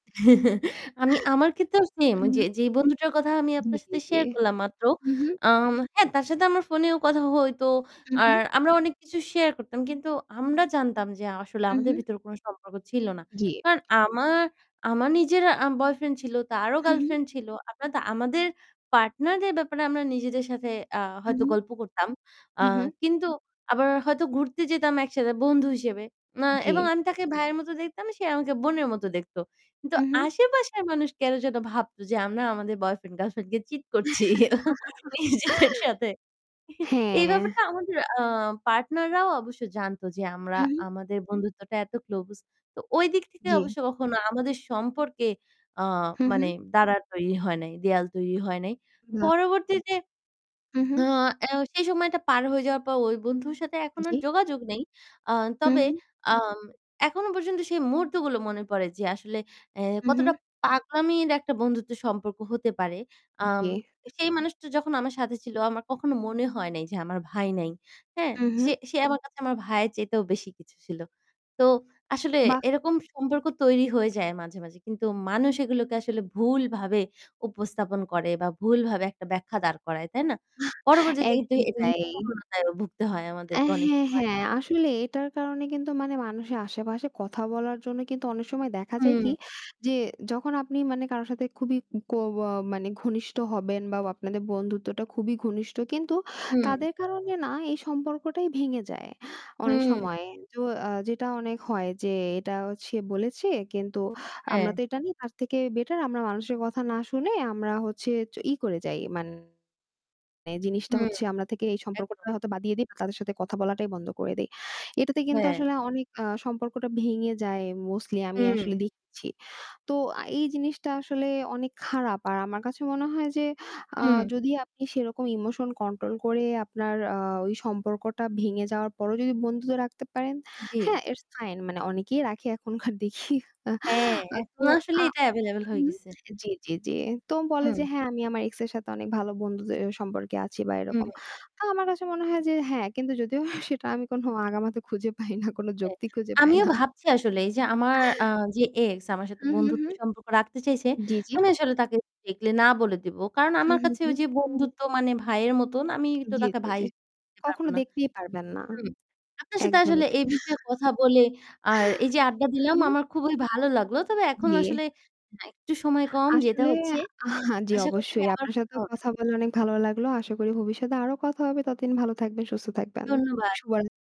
আমি আমার ক্ষেত্রেও সেম হুম, হুম। ওইযে যেই বন্ধুটার কথা আমি জি, আপনার জি, সাথে জি। শেয়ার করলাম মাত্র। হুম, হুম। আম হ্যাঁ তার সাথে আমার ফোনেও কথা হইতো। হু, হু। আর আমরা অনেক কিছু শেয়ার করতাম। কিন্তু আমরা জানতাম যে আসলে হুম, আমাদের হুম। ভিতরে কোন সম্পর্ক ছিল না। জি। কারণ আমার আমার নিজেরা আ বয়ফ্রেন্ড ছিল, তারও হু, হু। গার্লফ্রেন্ড ছিল। আমাদে আমাদের পার্টনারদের ব্যাপারে আমরা নিজেদের সাথে আ হু, হয়তো হু। গল্প করতাম। আ হু, হু। কিন্তু আবার হয়তো ঘুরতে যেতাম একসাথে বন্ধু হিসেবে। আ এবং জি। আমি তাকে ভাইয়ের মত দেখতাম, সে আমাকে বোনের মত দেখত। কিন্তু হু, হু। আশেপাশের মানুষ কেন যেন ভাবতো যে আমরা আমাদের বয়ফ্রেন্ড গার্লফ্রেন্ড কে চিট করছি। ইজিতের সাথে। এই হ্যাঁ। ব্যাপারটা আমাদের আ পার্টনাররাও অবশ্য জানত যে আমরা হু, হু। আমাদের বন্ধুত্বটা এত ক্লোজ তো ঐদিক থেকে জি। অবশ্য কখনো আমাদের সম্পর্কে আ হু, মানে হু। দাঁড়ার তৈরি হয় নাই। দেওয়াল তৈরি হয় নাই। বাহ! পরবর্তীতে হু, হু। আ সেই সময়টা পার হয়ে যাওয়ার পর ওই বন্ধুর সাথে এখন আর জি। যোগাযোগ নেই। আ হু, তবে হু। আম এখনো পর্যন্ত সেই মুহূর্তগুলো মনে পড়ে যে আসলে এ হু, হু। কতটা পাগলামির একটা বন্ধুত্বের সম্পর্ক হতে পারে। আম জি। সেই মানুষটা যখন আমার সাথে ছিল আমার কখনো মনে হয় নাই যে আমার ভাই নাই। হ্যাঁ? হু, সে হু। সে আমার কাছে আমার ভাইয়ের চাইতেও বেশি কিছু ছিল। তো আসলে বাহ! এরকম সম্পর্ক তৈরি হয়ে যায় মাঝে, মাঝে। কিন্তু মানুষ এগুলোকে আসলে ভুলভাবে উপস্থাপন করে বা ভুলভাবে একটা ব্যাখ্যা দাঁড় করায়। তাই না? পরবর্তীতে কিন্তু একদমই [unintelligible] তাই। ভুগতে হয় আমাদেরকে অনেক হ্যাঁ, সময়। হ্যাঁ আসলে এটার কারণে কিন্তু মানে মানুষের আশেপাশে কথা বলার জন্য কিন্তু অনেক সময় দেখা যায় কি হুম। যে যখন আপনি মানে কারো সাথে খুবই অ অ মানে ঘনিষ্ঠ হবেন বা আপনাদের বন্ধুত্বটা খুবই ঘনিষ্ঠ কিন্তু হুম। তাদের কারণে না এই সম্পর্কটাই ভেঙে যায় অনেক হুম। সময়। তো আ যেটা অনেক হয় যে এটা সে বলেছে কিন্তু আমরা তো হ্যাঁ। এটা নেই তার থেকে বেটার আমরা মানুষের কথা না শুনে আমরা হচ্ছে ই করে যাই মানে জিনিসটা হুম, হচ্ছে আমরা থেকে এই সম্পর্কটা একদম। হয়তো বাদ দিয়ে দেই বা তাদের সাথে কথা বলাটাই বন্ধ করে দেই। এটাতে কিন্তু হ্যাঁ। আসলে অনেক আ সম্পর্কটা ভেঙে যায় মোস্টলি আমি হুম। আসলে দেখছি। তো এই জিনিসটা আসলে অনেক খারাপ। আর আমার কাছে মনে হয় যে আ হুম। যদি আপনি সেরকম ইমোশন কন্ট্রোল করে আপনার আ ওই সম্পর্কটা ভেঙে যাওয়ার পরও যদি বন্ধুত্ব রাখতে পারেন, জি। হ্যাঁ ইটস ফাইন মানে অনেকেই রাখে এখনকার দেখি। আ হ্যাঁ, তো এখন আসলে আ এটা এভেইলেবল হয়ে হুম, গেছে। জি, জি, জি। তো বলে হুম। যে হ্যাঁ আমি আমার এক্স এর সাথে অনেক ভালো বন্ধুত্বের সম্পর্কে আছি বা হুম। এরকম। তো আমার কাছে মনে হয় যে হ্যাঁ কিন্তু যদিও সেটা আমি কোন আগামাথা খুঁজে পাই না। কোনো হ্যাঁ, যৌক্তি খুঁজে পাই আমিও না। ভাবছি আসলে এই যে আমার আ যে এক্স আমার সাথে হু, হু, হু। বন্ধুত্বের সম্পর্ক রাখতে চাইছে, জি, জি। আমি আসলে তাকে ডিরেক্টি না বলে দিব। কারণ হুম, আমার হুম, কাছে হুম। ওই যে বন্ধুত্ব মানে ভাইয়ের মতন আমি তো জি, তাকে জি, ভাই জি হিসেবে নিতে পারব কখনো না। দেখতেই পারবেন না। হুম। আপনার সাথে একদমই আসলে এই তাই। বিষয়ে কথা বলে আর এই যে আড্ডা দিলাম হুম। আমার খুবই ভালো লাগলো। তবে এখন জি। আসলে একটু সময় কম যেতে আসলে হচ্ছে। আ জি আশা করছি অবশ্যই আবার আপনার কথা সাথেও হবে। কথা বলা অনেক ভালো লাগলো। আশা করি ভবিষ্যতে আরো কথা হবে ততদিন ভালো থাকবেন, সুস্থ থাকবেন। ধন্যবাদ। শুভরাত্রি।